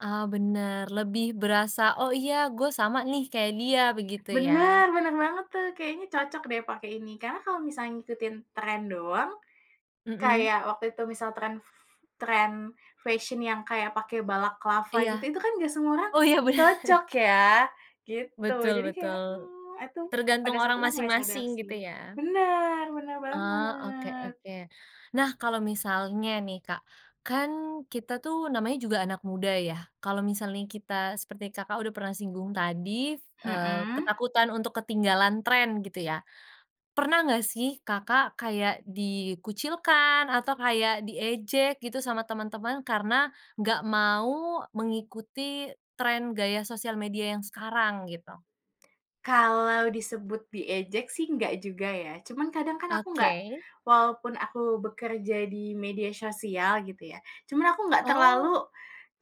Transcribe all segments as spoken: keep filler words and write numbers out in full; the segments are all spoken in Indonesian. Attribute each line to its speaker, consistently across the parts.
Speaker 1: Ah, benar. Lebih berasa, "Oh, iya, gue sama, nih, kayak dia." Begitu, ya.
Speaker 2: Benar, benar banget. tuh. Kayaknya cocok, deh, pakai ini. Karena, kalau misalnya ngikutin tren doang,
Speaker 1: Hmm.
Speaker 2: kayak waktu itu misal tren f tren fashion yang kayak pakai balaclava, gitu,
Speaker 1: Iya.
Speaker 2: itu, kan, enggak semua orang
Speaker 1: Oh, iya,
Speaker 2: cocok,
Speaker 1: benar.
Speaker 2: ya. Gitu.
Speaker 1: Betul
Speaker 2: Jadi, kayak,
Speaker 1: betul.
Speaker 2: mmm, aduh.
Speaker 1: Tergantung
Speaker 2: Pada saat
Speaker 1: orang
Speaker 2: itu, aku enggak sadar,
Speaker 1: masing-masing,
Speaker 2: sih.
Speaker 1: gitu, ya.
Speaker 2: Benar, benar
Speaker 1: Oh, oke
Speaker 2: banget.
Speaker 1: oke. Nah, kalau misalnya, nih, Kak. Kan, kita, tuh, namanya juga anak muda, ya, kalau misalnya kita, seperti Kakak udah pernah singgung tadi, eee,
Speaker 2: Hmm.
Speaker 1: ketakutan untuk ketinggalan tren, gitu, ya. Pernah enggak, sih, Kakak kayak dikucilkan atau kayak diejek, gitu, sama teman-teman, karena enggak mau mengikuti tren gaya sosial media yang sekarang, gitu?
Speaker 2: Kalau disebut diejek, sih, enggak juga, ya. Cuma, kadang, kan, aku enggak
Speaker 1: Oke.
Speaker 2: walaupun aku bekerja di media sosial, gitu, ya, cuma aku enggak
Speaker 1: Oh.
Speaker 2: terlalu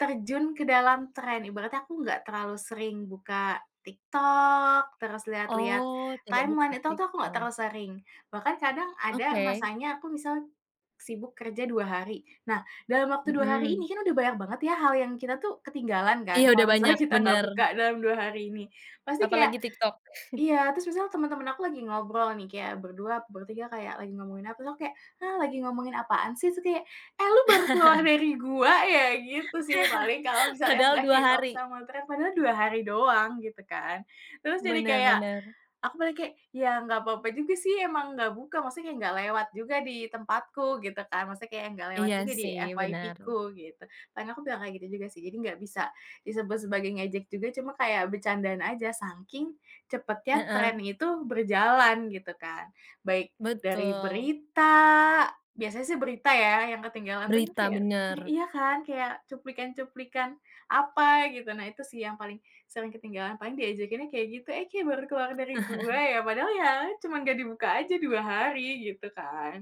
Speaker 2: terjun ke dalam tren. Ibaratnya aku enggak terlalu sering buka TikTok, terus lihat-lihat
Speaker 1: Oh, tidak
Speaker 2: timeline,
Speaker 1: buka
Speaker 2: itu itu aku enggak
Speaker 1: TikTok.
Speaker 2: terlalu sering. Bahkan kadang ada
Speaker 1: Oke.
Speaker 2: masanya aku misal, sibuk kerja dua hari. Nah, dalam waktu dua hari ini,
Speaker 1: Hmm.
Speaker 2: kan, udah banyak banget, ya hal yang kita tuh ketinggalan kan,
Speaker 1: Iya,
Speaker 2: kalau
Speaker 1: udah
Speaker 2: misalnya
Speaker 1: banyak,
Speaker 2: kita enggak
Speaker 1: benar.
Speaker 2: buka dalam dua hari ini. Pasti kayak
Speaker 1: Apalagi TikTok.
Speaker 2: iya, terus misalnya teman-teman aku lagi ngobrol, nih, kayak berdua, bertiga, kayak lagi ngomongin apa, terus aku kayak, "Hah, lagi ngomongin apaan, sih?" su kayak, "Eh, lu baru keluar dari gua, ya!" gitu, sih, paling kalau misalnya
Speaker 1: Padahal
Speaker 2: enggak
Speaker 1: dua
Speaker 2: keep up
Speaker 1: hari.
Speaker 2: sama tren, padahal dua hari doang, gitu, kan. Terus, jadi
Speaker 1: Benar
Speaker 2: kayak,
Speaker 1: benar.
Speaker 2: aku paling kayak, "Ya, enggak apa-apa juga, sih, emang enggak buka, maksudnya enggak lewat juga di tempatku," gitu, kan. Maksudnya, kayak enggak lewat
Speaker 1: Iya,
Speaker 2: juga di
Speaker 1: sih, benar.
Speaker 2: FYP-ku, gitu. Dan, aku bilang kayak gitu, juga, sih, jadi enggak bisa disebut sebagai ngejek juga, cuma kayak bercandaan aja, saking cepatnya tren
Speaker 1: Heeh.
Speaker 2: itu berjalan, gitu, kan. Baik dari
Speaker 1: Betul.
Speaker 2: berita, biasanya, sih berita ya yang ketinggalan tuh,
Speaker 1: Berita,
Speaker 2: kayak mmm,
Speaker 1: benar.
Speaker 2: iya kan, kayak cuplikan-cuplikan apa, gitu. Nah itu sih yang paling sering ketinggalan. Paling diejekinnya kayak gitu, "Eh, kayak baru keluar dari gua, ya?" padahal, ya, cuma enggak dibuka aja dua hari, gitu, kan.